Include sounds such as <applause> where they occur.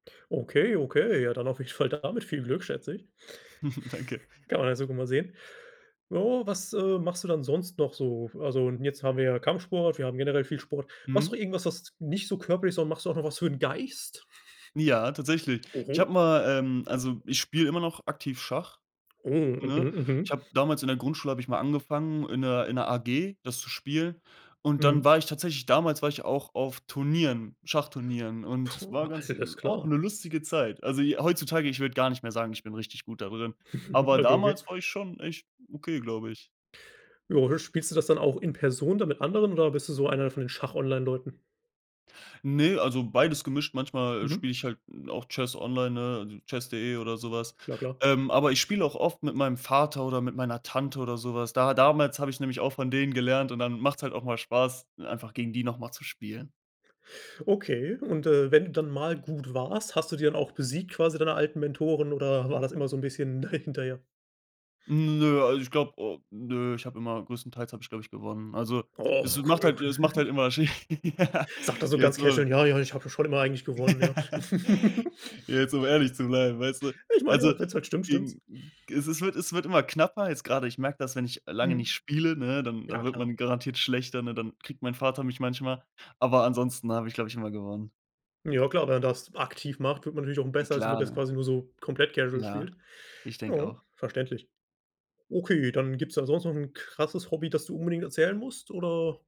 Okay, okay, ja dann auf jeden Fall damit viel Glück, schätze ich. <chuckles> Danke. <chuckles> Kann man <unintelligible> mal sehen. Ja, was, äh, machst du dann sonst noch so? Also, jetzt haben wir ja Kampfsport, wir haben generell viel Sport. Machst du Mhm. auch irgendwas, was nicht so körperlich, sondern machst du auch noch was für 'n Geist? <chuckles> Ja, tatsächlich. Ich Oho. habe mal, ähm also, ich spiele immer noch aktiv Schach, Oh, mhm, ne? Ich mhm. habe damals in der Grundschule habe ich mal angefangen, in 'ner in 'ner AG das zu spielen. Und dann Mhm. war ich tatsächlich damals war ich auch auf Turnieren, Schachturnieren. Und es Puh, war ganz alles auch klar. 'ne lustige Zeit. Also, j heutzutage ich würde gar nicht mehr sagen, ich bin richtig gut da drin. <chuckles> Aber <unintelligible> damals war ich schon echt okay, glaube ich. Jo, spielst du das dann auch in Person dann mit anderen oder bist du so einer von den Schach-Online-Leuten? Ne, also, beides gemischt. Manchmal Mhm. spiele ich halt auch Chess online, ne, also, Chess.de, oder so was. Klar, klar. Ähm, aber ich spiele auch oft mit meinem Vater, oder mit meiner Tante, oder so was. Da damals habe ich nämlich auch von denen gelernt und dann macht es halt auch mal Spaß, einfach gegen die noch mal zu spielen. Okay und, äh, wenn du dann mal gut warst, hast du die dann auch besiegt quasi, deine alten Mentoren, oder war das immer so 'n bisschen <chuckles> hinterher? Mm, nö, also, ich glaube au nö, ich habe immer größtenteils habe ich, glaube ich, gewonnen. Also, Oh, es okay, macht halt es macht halt okay. immer Sch Ja, Sagt der so ganz jetzt casual: <unintelligible> „Ja, ja, ich habe schon immer eigentlich gewonnen, ja.“ <laughs> <chuckles> Jetzt um ehrlich zu bleiben, weißt du. Ich meine ja Also, auch, wenn es halt stimmt, stimmt's. gegen Es es wird es wird immer knapper jetzt gerade. Ich merke das, wenn ich lange nicht Mhm. spiele, ne, dann Ja dann wird klar. man garantiert schlechter, ne? Dann kriegt mein Vater mich manchmal. Aber ansonsten habe ich, glaube ich, immer gewonnen. Ja klar, wenn man das aktiv macht, wird man natürlich auch M besser, als wenn klar, das ne? quasi nur so komplett casual Ja, spielt. ich denke Ja, auch. verständlich. Okay, dann gibt's da sonst noch 'n krasses Hobby, das du unbedingt erzählen musst oder